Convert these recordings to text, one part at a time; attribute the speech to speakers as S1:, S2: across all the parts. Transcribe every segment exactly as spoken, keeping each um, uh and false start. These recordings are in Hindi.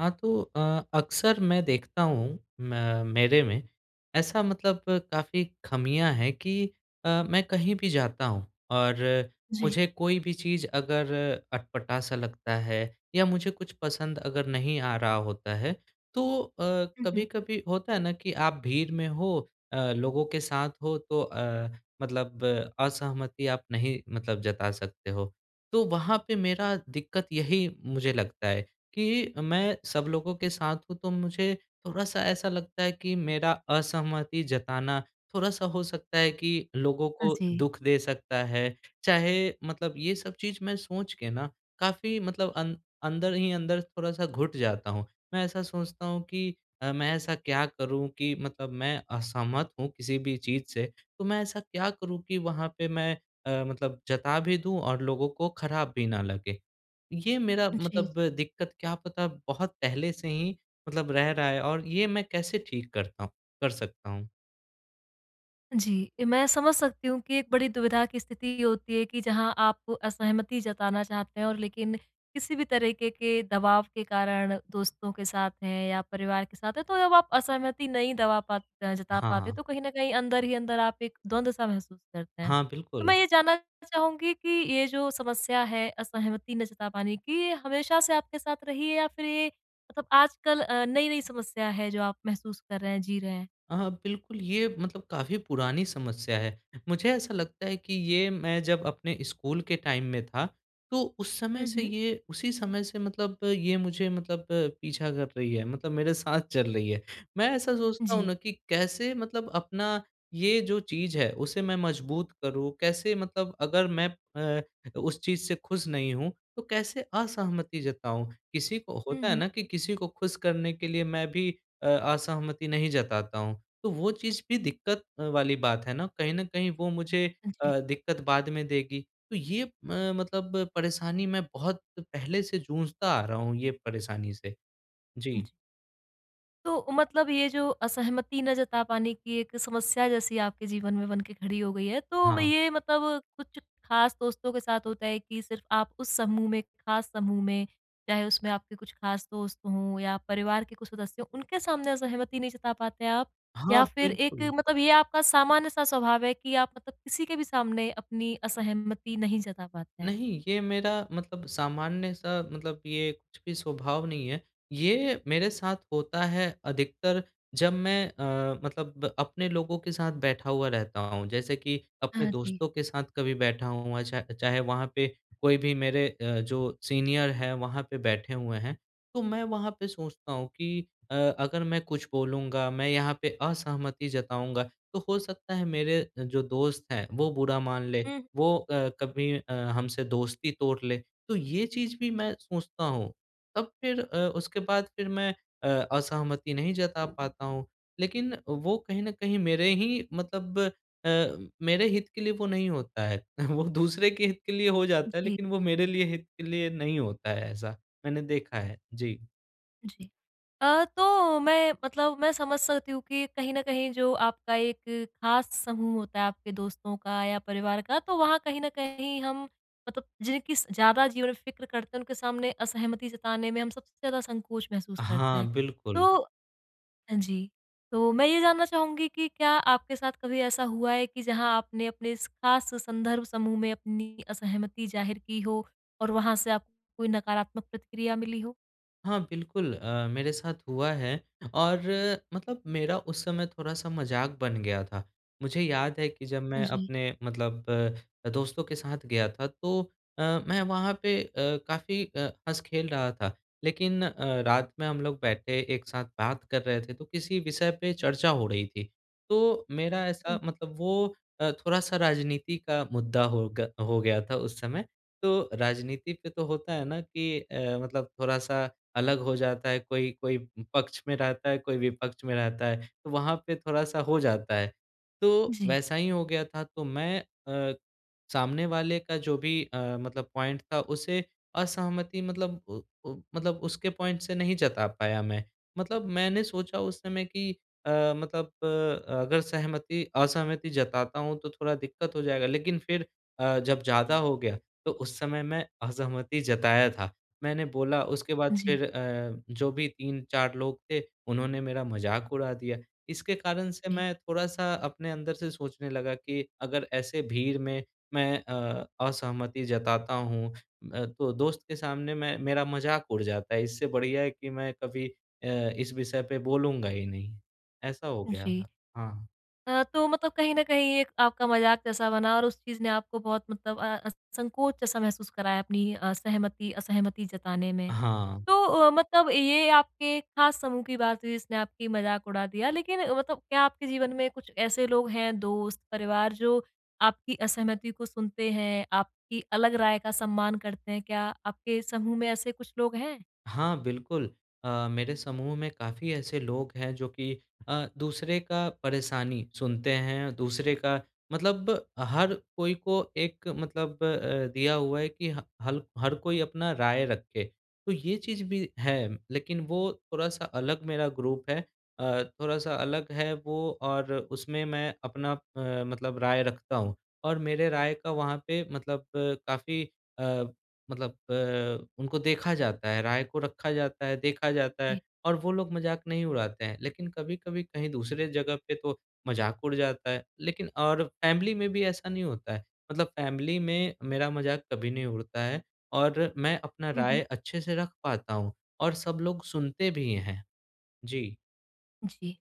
S1: हाँ, तो अ, अक्सर मैं देखता हूँ मै मेरे में ऐसा मतलब काफ़ी खामियाँ हैं कि अ, मैं कहीं भी जाता हूँ और
S2: जी।
S1: मुझे कोई भी चीज़ अगर अटपटा-सा लगता है या मुझे कुछ पसंद अगर नहीं आ रहा होता है। तो अ,
S2: हुँ, हुँ।
S1: कभी-कभी होता है ना कि आप भीड़ में हो अ, लोगों के साथ हो तो अ, मतलब असहमति आप नहीं मतलब जता सकते हो। तो वहाँ पे मेरा दिक्कत यही मुझे लगता है कि मैं सब लोगों के साथ हूँ, तो मुझे थोड़ा-सा ऐसा लगता है कि मेरा असहमति जताना थोड़ा-सा हो सकता है कि लोगों
S2: हाँ
S1: को
S2: जी।
S1: दुख दे सकता है। चाहे मतलब ये सब चीज़ मैं सोच के ना, काफ़ी मतलब अं अंदर ही अंदर थोड़ा-सा घुट जाता हूँ। मैं ऐसा सोचता हूँ कि अ, मैं ऐसा क्या करूँ कि मतलब मैं असहमत हूँ किसी भी चीज़ से तो मैं ऐसा क्या करूँ कि वहाँ पे मैं अ, मतलब जता भी दूँ और लोगों को खराब भी ना लगे। ये मेरा
S2: जी।
S1: मतलब दिक्कत क्या पता बहुत पहले से ही मतलब रह रहा है और ये मैं कैसे ठीक करता हूँ कर सकता हूँ?
S2: जी, मैं समझ सकती हूँ कि एक बड़ी दुविधा की स्थिति होती है कि जहाँ आप असहमति जताना चाहते हैं और लेकिन किसी भी तरीके के दबाव के कारण दोस्तों के साथ हैं या परिवार के साथ है तो जब आप असहमति नहीं दबा पात अ, जता
S1: हाँ,
S2: पाते
S1: हाँ।
S2: तो कहीं न कहीं अंदर-ही-अंदर आप एक द्वंद-सा महसूस करते हैं।
S1: हाँ
S2: तो
S1: बिल्कुल।
S2: मैं ये जानना चाहूँगी कि ये जो समस्या है असहमति ना जता पाने की ये हमेशा से आपके साथ रही है या फ़िर ये मतलब आजकल अ, नई-नई समस्या है जो आप महसूस कर रहे हैं? जी रहे हैं?
S1: अ, हाँ बिल्कुल। ये मतलब काफ़ी पुरानी समस्या है। मुझे ऐसा लगता है कि ये मैं जब अपने स्कूल के टाइम में था तो उस समय
S2: हुँ,
S1: से
S2: हुँ।
S1: ये उसी समय से मतलब ये मुझे मतलब पीछा कर रही है मतलब मेरे साथ चल रही है। मैं ऐसा सोचता हूँ
S2: जी।
S1: ना कि कैसे मतलब अपना ये जो चीज़ है उसे मैं मजबूत करूँ, कैसे मतलब अगर मैं अ, उस चीज़ से खुश नहीं हूँ तो कैसे असहमति जताऊँ? किसी को
S2: हुँ,
S1: होता है
S2: हुँ।
S1: ना कि किसी को खुश करने के लिए मैं भी अ असहमति नहीं जताता हूँ। तो वो चीज़ भी दिक़्क़त अ, वाली बात है ना कहीं न कहीं वो मुझे
S2: हाँ जी।
S1: अ, दिक़्क़त बाद में देगी। तो ये अ, मतलब परेशानी मैं बहुत पहले से जूझता आ रहा हूँ ये परेशानी से। जी।
S2: जी। तो मतलब ये जो असहमति ना जता पाने की एक समस्या, जैसी आपके जीवन में बन के खड़ी हो गई है तो मैं
S1: हाँ।
S2: ये मतलब कुछ खास दोस्तों के साथ होता है कि सिर्फ़ आप उस समूह में खास समूह में चाहे उसमें आपके कुछ खास दोस्त हों या परिवार के कुछ सदस्य, उनके सामने असहमति नहीं जता पाते हैं आप?
S1: हाँ,
S2: या फिर एक
S1: बिल्कुल।
S2: मतलब ये आपका सामान्य सा स्वभाव है कि आप मतलब किसी के भी सामने अपनी असहमति नहीं जता पाते हैं?
S1: नहीं। ये मेरा मतलब सामान्य-सा मतलब ये कुछ भी स्वभाव नहीं है। ये मेरे साथ होता है अधिकतर जब मैं अ, मतलब अपने लोगों के साथ बैठा हुआ रहता हूँ जैसे कि अपने
S2: हाँ जी।
S1: दोस्तों के साथ कभी बैठा हूँ, अ, चा चाहे वहाँ पे कोई भी मेरे अ, जो सीनियर है वहाँ पे बैठे हुए हैं। तो मैं वहाँ पे सोचता हूँ कि अ अगर मैं कुछ बोलूँगा मैं यहाँ पे असहमति जताऊँगा तो हो सकता है मेरे अ, जो दोस्त हैं वो बुरा मान ले
S2: हुँ।
S1: वो अ, कभी अ, हमसे दोस्ती तोड़ ले। तो ये चीज़ भी मैं सोचता हूँ तब फिर अ, उसके बाद फिर मैं अ असहमति नहीं जता पाता हूँ। लेकिन वो कहीं न कहीं मेरे ही मतलब अ, मेरे हित के लिए वो नहीं होता है वो दूसरे के हित के लिए हो जाता है
S2: जी।
S1: लेकिन वो मेरे लिए हित के लिए नहीं होता है ऐसा, मैंने देखा है। जी।
S2: जी। अ, तो मैं मतलब मैं समझ सकती हूँ कि कहीं न कहीं जो आपका एक ख़ास समूह होता है, आपके दोस्तों का या परिवार का तो वहाँ कहीं न कहीं हम मतलब जिनकी स ज़्यादा जीवन फिक्र करते हैं, उनके सामने असहमति जताने में हम सबसे ज़्यादा संकोच महसूस करते
S1: हाँ,
S2: हैं।
S1: बिल्कुल।
S2: तो हाँ जी। तो मैं ये जानना चाहूँगी कि क्या आपके साथ कभी ऐसा हुआ है कि जहाँ आपने अपने इस ख़ास संदर्भ समूह में अपनी असहमति ज़ाहिर की हो, और वहाँ से आपको कोई नकारात्मक प्रतिक्रिया मिली हो?
S1: हाँ, बिल्कुल। अ, मेरे साथ हुआ है और मतलब मेरा उस समय थोड़ा-सा मज़ाक बन गया था। मुझे याद है कि जब मैं
S2: जी।
S1: अपने मतलब दोस्तों के साथ गया था, तो अ, मैं वहाँ पे अ, काफ़ी अ, हँस-खेल रहा था। लेकिन अ, रात में हम लोग बैठे, एक साथ बात कर रहे थे, तो किसी विषय पे चर्चा हो रही थी। तो मेरा ऐसा
S2: हुँ।
S1: मतलब वो अ, थोड़ा-सा राजनीति का मुद्दा हो ग हो गया था उस समय। तो राजनीति पे तो होता है ना कि अ, मतलब थोड़ा-सा अलग हो जाता है। कोई कोई पक्ष में रहता है कोई विपक्ष में रहता है। तो वहाँ पे थोड़ा-सा हो जाता है। तो
S2: जी।
S1: वैसा ही हो गया था। तो मैं अ, सामने वाले का जो भी अ, मतलब पॉइंट था। उसे असहमति मतलब उ उ मतलब उसके पॉइंट से नहीं जता पाया मैं। मतलब मैंने सोचा उस समय कि अ, मतलब अ, अगर सहमति असहमति जताता हूँ तो थोड़ा दिक्कत हो जाएगा। लेकिन फिर अ, जब ज़्यादा हो गया तो उस समय मैं असहमति जताया था। मैंने बोला, उसके बाद
S2: जी।
S1: फिर अ, जो भी तीन चार लोग थे, उन्होंने मेरा मज़ाक उड़ा दिया। इसके कारण से
S2: जी।
S1: मैं थोड़ा-सा अपने अंदर से सोचने लगा कि अगर ऐसे भीड़ में, मैं अ, असहमति जताता हूँ, अ, तो दोस्त के सामने मैं मेरा मज़ाक उड़ जाता है। इससे बढ़िया है कि मैं कभी अ, इस विषय पर बोलूँगा ही नहीं। ऐसा हो गया
S2: जी।
S1: था। हाँ।
S2: अ, तो मतलब कहीं न कहीं एक आपका मज़ाक जैसा बना और उस चीज़ ने आपको बहुत मतलब अ, संकोच जैसा महसूस कराया अपनी अ, सहमति असहमति जताने में।
S1: हाँ।
S2: तो अ, मतलब ये आपके ख़ास समूह की बात हुई जिसने आपकी मज़ाक उड़ा दिया। लेकिन मतलब क्या आपके जीवन में कुछ ऐसे लोग हैं, दोस्त, परिवार जो आपकी असहमति को सुनते हैं? आपकी अलग राय का सम्मान करते हैं? क्या आपके समूह में ऐसे कुछ लोग हैं?
S1: हाँ, बिल्कुल। अ, मेरे समूह में काफ़ी ऐसे लोग हैं, जो कि अ, दूसरे का परेशानी सुनते हैं। दूसरे का मतलब हर कोई को एक मतलब अ, दिया हुआ है कि ह हल हर कोई अपना राय रखे। तो ये चीज़ भी है। लेकिन वो थोड़ा-सा अलग मेरा ग्रुप है। अ, थोड़ा-सा अलग है वो और उसमें मैं अपना अ, मतलब राय रखता हूँ और मेरे राय का वहाँ पे मतलब काफ़ी अ, मतलब अ, उनको देखा जाता है। राय को रखा जाता है, देखा जाता है
S2: जी।
S1: और वो लोग मज़ाक नहीं उड़ाते हैं। लेकिन कभी-कभी कहीं दूसरे जग़ह पे तो मज़ाक उड़ जाता है। लेकिन और फैमिली में भी ऐसा नहीं होता है। मतलब फैमिली में मेरा मज़ाक कभी नहीं उड़ता है और मैं अपना
S2: हुँ,
S1: राय
S2: हुँ।
S1: अच्छे से रख पाता हूँ और सब लोग सुनते भी हैं। जी।
S2: जी।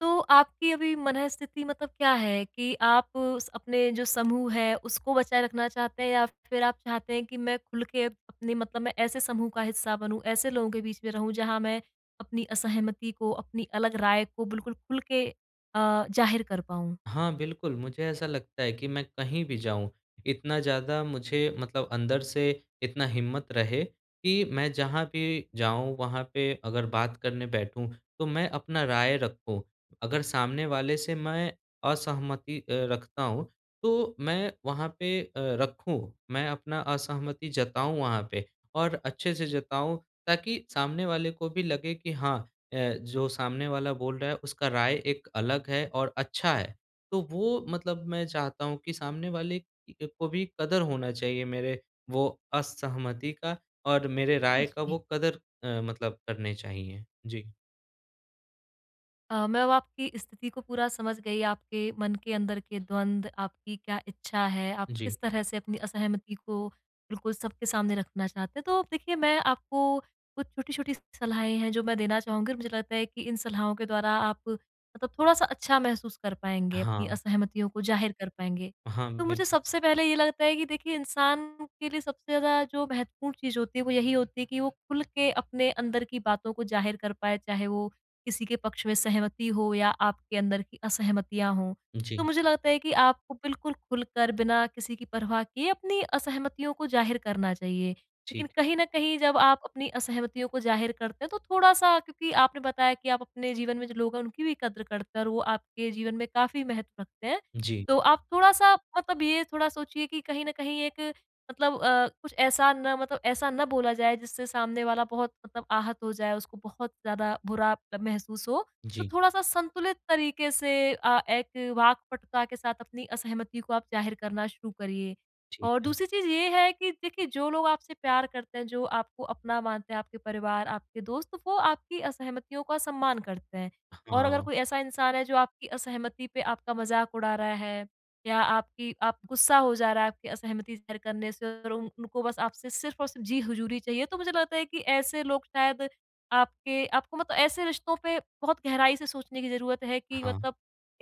S2: तो आपकी अभी मनःस्थिति मतलब क्या है कि आप स उस अपने जो समूह है उसको बचाए रखना चाहते हैं या फिर आप चाहते हैं कि मैं खुल के अपनी मतलब मैं ऐसे समूह का हिस्सा बनूँ, ऐसे लोगों के बीच में रहूँ, जहाँ मैं अपनी असहमति को अपनी अलग राय को बिल्कुल खुल के अ, ज़ाहिर कर पाऊँ?
S1: हाँ, बिल्कुल। मुझे ऐसा लगता है कि मैं कहीं भी जाऊँ इतना ज़्यादा मुझे मतलब अंदर से इतना हिम्मत रहे कि मैं जहाँ भी जाऊँ वहाँ पे अगर बात करने बैठूँ, तो मैं अपना राय रखूँ। अगर सामने वाले से मैं असहमति अ, रखता हूँ तो मैं वहाँ पे अ, रखूँ। मैं अपना असहमति जताऊँ वहाँ पे और अच्छे से जताऊँ ताकि सामने वाले को भी लगे कि हाँ, अ, जो सामने वाला बोल रहा है उसका राय एक अलग है और अच्छा है। तो वो मतलब मैं चाहता हूँ कि सामने वाले की को भी कदर होना चाहिए मेरे वो असहमति का और मेरे राय का
S2: जी।
S1: वो कदर अ, मतलब करने चाहिए। जी।
S2: अ, मैं अब आपकी स्थिति को पूरा समझ गई। आपके मन के अंदर के द्वंद्व, आपकी क्या इच्छा है, आप
S1: जी।
S2: किस तरह से अपनी असहमति को बिल्कुल सबके सामने रखना चाहते हैं। तो देखिए मैं आपको कुछ छोटी-छोटी सलाहें हैं जो मैं देना चाहूँगी और मुझे लगता है कि इन सलाहों के द्वारा आप मतलब थोड़ा-सा अच्छा महसूस कर पाएँगे, अपनी
S1: हाँ।
S2: असहमतियों को ज़ाहिर कर पाएँगे।
S1: हाँ,
S2: तो मुझे
S1: बिल्कुल।
S2: सबसे पहले ये लगता है कि देखिए इंसान के लिए सबसे ज़्यादा जो महत्वपूर्ण चीज़ होती है वो यही होती है कि वो खुल के अपने अंदर की बातों को ज़ाहिर कर पाए चाहे वो किसी के पक्ष में सहमति हो या आपके अंदर की असहमतियाँ हों। तो
S1: जी।
S2: मुझे लगता है कि आपको बिल्कुल खुलकर बिना किसी की परवाह किए अपनी असहमतियों को ज़ाहिर करना चाहिए। लेकिन
S1: ठीक।
S2: कहीं न कहीं जब आप अपनी असहमतियों को ज़ाहिर करते हैं तो थोड़ा-सा क्योंकि आपने बताया कि आप अपने जीवन में जो लोग हैं उनकी भी कदर करते है और वो आपके जीवन में काफ़ी महत्व रखते हैं।
S1: जी।
S2: तो आप थोड़ा-सा मतलब ये थोड़ा सोचिए कि कहीं न कहीं एक मतलब अ, कुछ ऐसा ना मतलब ऐसा ना बोला जाए जिससे सामने वाला बहुत मतलब आहत हो जाए उसको बहुत ज़्यादा बुरा महसूस हो। तो
S1: जी।
S2: थोड़ा-सा संतुलित तरीके से अ, एक वाक्पटुता के साथ अपनी असहमति को आप ज़ाहिर करना शुरू करिए।
S1: ठीक
S2: और
S1: है।
S2: दूसरी चीज़ ये है कि देखिए जो लोग आपसे प्यार करते हैं, जो आपको अपना मानते हैं, आपके परिवार, आपके दोस्त, वो आपकी असहमतियों का सम्मान करते हैं। और अगर
S1: हाँ।
S2: कोई ऐसा इंसान है जो आपकी असहमति पे आपका मज़ाक उड़ा रहा है या आपकी आप गुस्सा हो जा रहा है आपकी असहमति शेयर करने से और उन उनको बस आपसे सिर्फ़ और सिर्फ़ जी हज़ूरी चाहिए तो मुझे लगता है कि ऐसे लोग शायद आपके आपको मतलब ऐसे रिश्तों पे बहुत गहराई से सोचने की ज़रूरत है कि
S1: हाँ।
S2: मतलब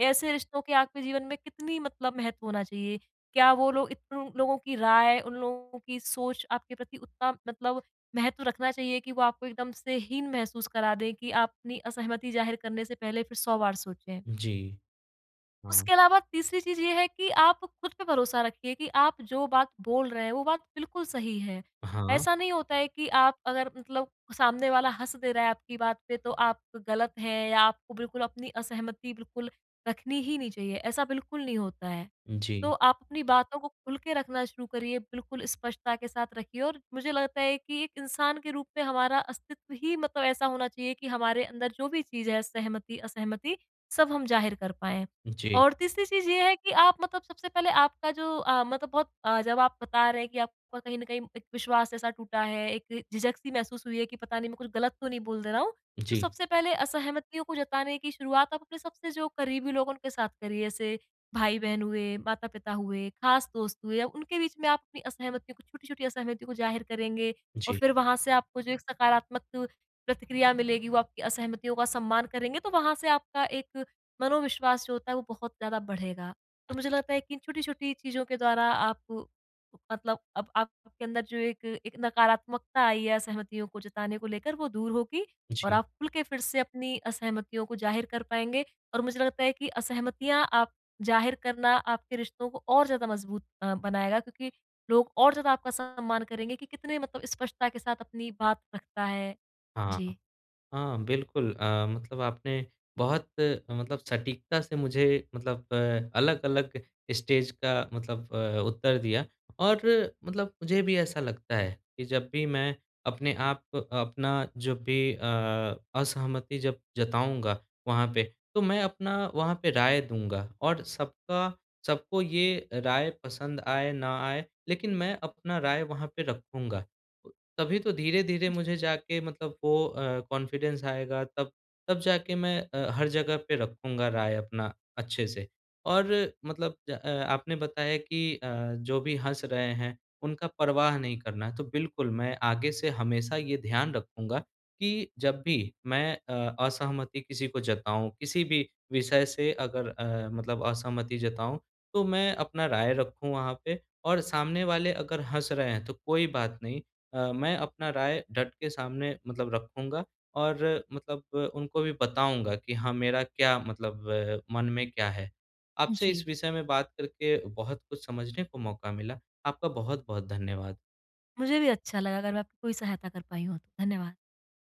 S2: ऐसे रिश्तों के आपके जीवन में कितनी मतलब महत्व होना चाहिए। क्या वो लोग इतनु लोगों की राय, उन लोगों की सोच आपके प्रति उतना मतलब महत्व रखना चाहिए कि वो आपको एकदम से हीन महसूस करा दें कि आप अपनी असहमति ज़ाहिर करने से पहले फिर सौ बार सोचें।
S1: जी। हाँ।
S2: उसके अलावा तीसरी चीज़ ये है कि आप खुद पे भरोसा रखिए कि आप जो बात बोल रहे हैं वो बात बिल्कुल सही है।
S1: हाँ।
S2: ऐसा नहीं होता है कि आप अगर मतलब सामने वाला हँस दे रहा है आपकी बात पे तो आप गलत हैं या आपको बिल्कुल अपनी असहमति बिल्कुल रखनी ही नहीं चाहिए। ऐसा बिल्कुल नहीं होता है। तो
S1: जी।
S2: आप अपनी बातों को खुल के रखना शुरू करिए, बिल्कुल स्पष्टता के साथ रखिए। और मुझे लगता है कि एक इंसान के रूप में हमारा अस्तित्व ही मतलब ऐसा होना चाहिए कि हमारे अंदर जो भी चीज़ है सहमति, असहमति सब हम ज़ाहिर कर पाएँ।
S1: जी।
S2: और तीसरी चीज़ ये है कि आप मतलब सबसे पहले आपका जो अ, मतलब बहुत अ, जब आप बता रहे हैं कि आपका कहीं न कहीं एक विश्वास ऐसा टूटा है, एक झिझक-सी महसूस हुई है कि पता नहीं मैं कुछ गलत नहीं बोल दे रहा हूँ। तो
S1: जी।
S2: सबसे पहले असहमतियों को जताने की शुरुआत आप अपने सबसे जो करीबी लोग उनके साथ करिए। जैसे भाई-बहन हुए, माता-पिता हुए, खास दोस्त हुए। अ, उनके बीच में आप अपनी असहमतियों को छोटी-छोटी असहमति को ज़ाहिर करेंगे और
S1: जी।
S2: फिर वहाँ से आपको जो एक सकारात्मक प्रतिक्रिया मिलेगी, वो आपकी असहमतियों का सम्मान करेंगे, तो वहाँ से आपका एक मनोविश्वास जो होता है वो बहुत ज़्यादा बढ़ेगा। तो मुझे लगता है
S1: अच्छा।
S2: कि इन छोटी-छोटी चीज़ों के द्वारा आप मतलब अब आपके अंदर जो एक एक नकारात्मकता आई है असहमतियों को जताने को लेकर वो दूर होगी और
S1: जी।
S2: आप खुल के फिर से अपनी असहमतियों को ज़ाहिर कर पाएँगे। और मुझे लगता है कि असहमतियाँ आप ज़ाहिर करना आपके रिश्तों को और ज़्यादा मज़बूत अ, बनाएगा। क्योंकि लोग और ज़्यादा आपका सम्मान करेंगे कि कितने मतलब स्पष्टता के साथ अपनी बात रखता है।
S1: हाँ।
S2: जी।
S1: हाँ, बिल्कुल। अ, मतलब आपने बहुत मतलब सटीकता से मुझे मतलब अ, अलग-अलग स्टेज का मतलब अ, उत्तर दिया और मतलब मुझे भी ऐसा लगता है कि जब भी मैं अपने आप अपना जब भी अ, असहमति जब जताऊँगा वहाँ पे तो मैं अपना वहाँ पे राय दूँगा। और सबका सबको ये राय पसंद आए, ना आए, लेकिन मैं अपना राय वहाँ पे रखूँगा। तभी तो धीरे-धीरे
S2: जी।
S1: मुझे जाके मतलब वो अ, कॉन्फिडेंस आएगा तब तब जाके मैं अ, हर जगह पे रखूँगा राय अपना अच्छे से। और मतलब ज अ, आपने बताया कि अ, जो भी हँस रहे हैं उनका परवाह नहीं करना है। तो बिल्कुल, मैं आगे से हमेशा ये ध्यान रखूँगा कि जब भी मैं अ, असहमति किसी को जताऊँ, किसी भी विषय से अगर अ, मतलब असहमति जताऊँ तो मैं अपना राय रखूँ वहाँ पे। और सामने वाले अगर हँस रहे हैं तो कोई बात नहीं, अ, मैं अपना राय डट के सामने मतलब रखूँगा। और मतलब अ, उनको भी बताऊँगा कि हाँ, मेरा क्या मतलब अ, मन में क्या है? आपसे इस
S2: जी।
S1: विषय में बात करके बहुत कुछ समझने को मौका मिला। आपका बहुत-बहुत धन्यवाद।
S2: मुझे भी अच्छा लगा अगर मैं आपकी कोई सहायता कर पाई हूँ तो। धन्यवाद।